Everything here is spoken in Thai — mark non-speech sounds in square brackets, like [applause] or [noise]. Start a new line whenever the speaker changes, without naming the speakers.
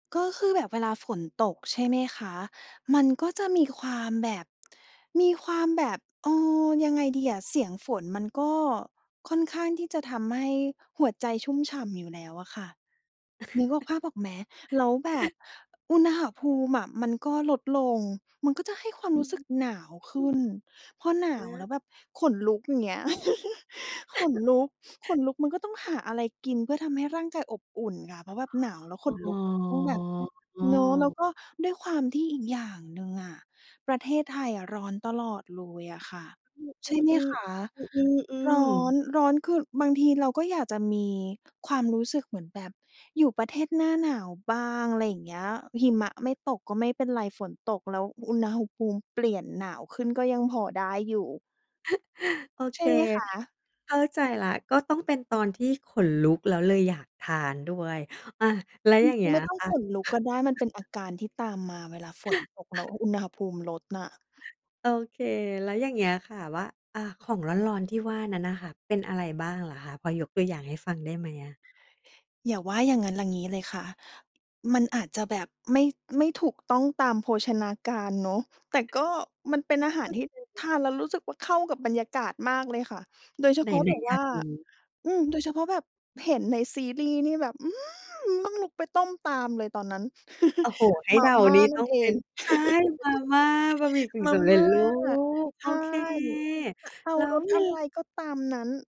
ก็คือแบบเวลาฝนตก ใช่ไหมคะ มันก็จะมีความแบบ มีความแบบ เอ่อ ยังไงดีอะ เสียงฝนมันก็ค่อนข้างที่จะทำให้หัวใจชุ่มฉ่ำอยู่แล้วอะค่ะ นึกออก ภาพออกไหม แล้วแบบอุณหภูมิอะ มันก็ลดลง มันก็จะให้ความ
อื
รู้สึกหนาวขึ้
ม
น พอหนา
อ
วแ
า
ล้วแบบขนลุก อย่างเงี้ย [chuckles] ขน
[chuckles]
ลุก ขนลุก มันก็ต้องหาอะไรกิน เพื่อทำให้ร่างกายอบอุ่นค่ะ เพราะว่า หนาวแล้ว
อ
ขน
๋
ลุกก็ต้องแบบเนาะ แล้ว
อ
ก็ด้วยความที่อีกอย่างหนึ่งอะ ประเทศไทยอะร้อนตลอดเลยอะค่ะ ใช
อื
่ไหม
อ
คะ
ๆ ๆ อื
ร้
อ
อ
ๆ ๆ
น ร้อนคือบางทีเราก็อยากจะมีความรู้สึกเหมือนแบบอยู่ประเทศหน้าหนาวบ้าง อะไรอย่างเงี้ย หิมะไม่ตกก็ไม่เป็นไร ฝนตกแล้วอุณหภูมิเปลี่ยนหนาวขึ้นก็ยังพอได้อยู่
[chuckles] โอ
ใ
เ
ช
ค
่ไหมคะ?
เข้าใจแล้ว ก็ต้องเป็นตอนที่ขนลุก แล้วเลยอยากทานด้วย อา แล้วอย่า
[unintelligible]
งเงี้
ไ
ย
ม่ต้อง
ค่
ข
ะ
นลุกก็ได้ มันเป็นอาการที่ตามมา เวลาฝนตกแล้ว
[chuckles]
อุณหภูมิลดน่ะ
โอเค แล้วอย่างเงี้ยค่ะ ว่า อ่า ของร้อน ๆ ที่ว่านั้นน่ะค่ะ เป็นอะไรบ้างเหรอคะ พอยกตัวอย่างให้ฟังได้ไหมอะ?
อย่าว่าอย่างงั้น อย่างงี้เลยค่ะ มันอาจจะแบบไม่ ไม่ถูกต้องตามโภชนาการเนาะ แต่ก็มันเป็นอาหารที่ท
[unintelligible]
านแล้ว รู้สึกว่าเข้ากับบรรยากาศมากเลยค่ะ โดยเฉพาะ
ไหน
แบบ
ๆ อย
ว
า
่า
กรู้
อืม โดยเฉพาะแบบเห็นในซีรีส์นี่แบบอืมต้องลุกไปต้มตามเลยตอนนั้น
โอ้โฮ! ให้
มา
เดา
ม่า
นี่
น
ต
ั่
้อ
น
ง
เอ
เป็
ง
น ใช่
[chuckles]
มาม่า บะหมี่กึ่ง
มา
สำเร็
ม
จ
่า
รูป
ใช
โอ
่
เค
จะเอา
แล้
ร
ว
ส
ม
อ
ี
ะไรก็ตามนั้น